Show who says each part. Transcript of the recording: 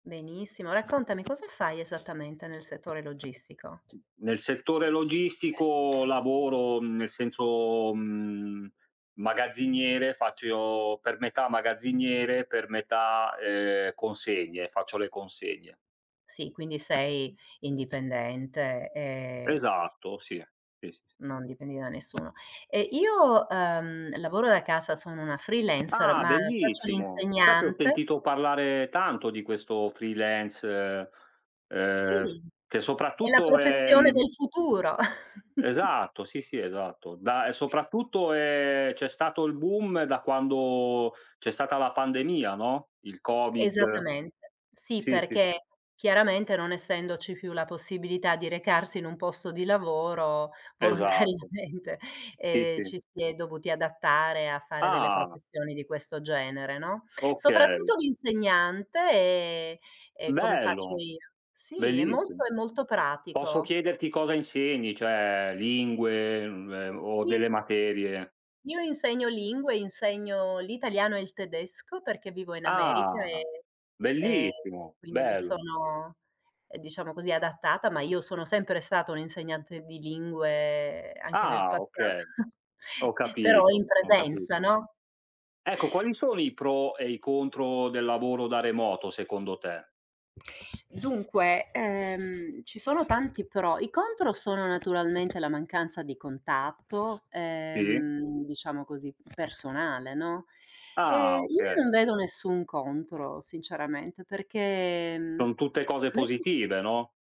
Speaker 1: Benissimo, raccontami cosa fai esattamente nel settore logistico?
Speaker 2: Nel settore logistico lavoro, nel senso, mhmm, magazziniere. Faccio io per metà magazziniere, per metà, ehm, consegne. Faccio le consegne.
Speaker 1: Sì, quindi sei indipendente e
Speaker 2: Esatto sì, sì, sì, sì.
Speaker 1: non dipendi da nessuno. Eh, io, ehm, lavoro da casa, sono una freelancer
Speaker 2: Ah,
Speaker 1: ma faccio
Speaker 2: bellissimo, sai che ho
Speaker 1: l'insegnante.
Speaker 2: sentito parlare tanto di questo freelance ehm,
Speaker 1: Sì,
Speaker 2: che
Speaker 1: è la
Speaker 2: soprattutto è,
Speaker 1: professione
Speaker 2: mhmm
Speaker 1: del futuro.
Speaker 2: Esatto, sì, sì esatto. Da, e soprattutto è c'è stato il boom, da quando c'è stata la pandemia, no, il Covid.
Speaker 1: Esattamente. Sì,
Speaker 2: Sì, sì, sì.
Speaker 1: perché, chiaramente non essendoci più la possibilità di recarsi in un posto di lavoro,
Speaker 2: Esa
Speaker 1: volontariamente,
Speaker 2: Sì,
Speaker 1: ehm,
Speaker 2: sì.
Speaker 1: ci si è dovuti adattare a fare delle
Speaker 2: Ah.
Speaker 1: professioni di questo genere, no,
Speaker 2: Okay.
Speaker 1: soprattutto l'insegnante, e e come faccio
Speaker 2: Bello,
Speaker 1: io. Sì, è
Speaker 2: bellissimo.
Speaker 1: molto è molto
Speaker 2: Posso
Speaker 1: pratico.
Speaker 2: chiederti cosa insegni, cioè lingue, uhm ehm, o delle
Speaker 1: Sì.
Speaker 2: materie?
Speaker 1: Io insegno lingue, insegno l'italiano e il tedesco perché vivo in America
Speaker 2: Ah
Speaker 1: e e
Speaker 2: bellissimo,
Speaker 1: quindi mi
Speaker 2: bello.
Speaker 1: sono, diciamo così, adattata, ma io sono sempre stata un insegnante di lingue, anche nel
Speaker 2: Ah
Speaker 1: passato,
Speaker 2: okay, ho
Speaker 1: però in
Speaker 2: capito, ho
Speaker 1: presenza,
Speaker 2: capito.
Speaker 1: no?
Speaker 2: Ecco quali sono i pro e i contro del lavoro da remoto, secondo te?
Speaker 1: Dunque, ehm, ci sono tanti pro i contro sono naturalmente la mancanza di contatto,
Speaker 2: Sì.
Speaker 1: ehm, diciamo così personale, no, e
Speaker 2: Ah,
Speaker 1: io
Speaker 2: okay.
Speaker 1: non vedo nessun contro sinceramente perché mhmm,
Speaker 2: Sono tutte
Speaker 1: a
Speaker 2: cose
Speaker 1: me piac
Speaker 2: positive no?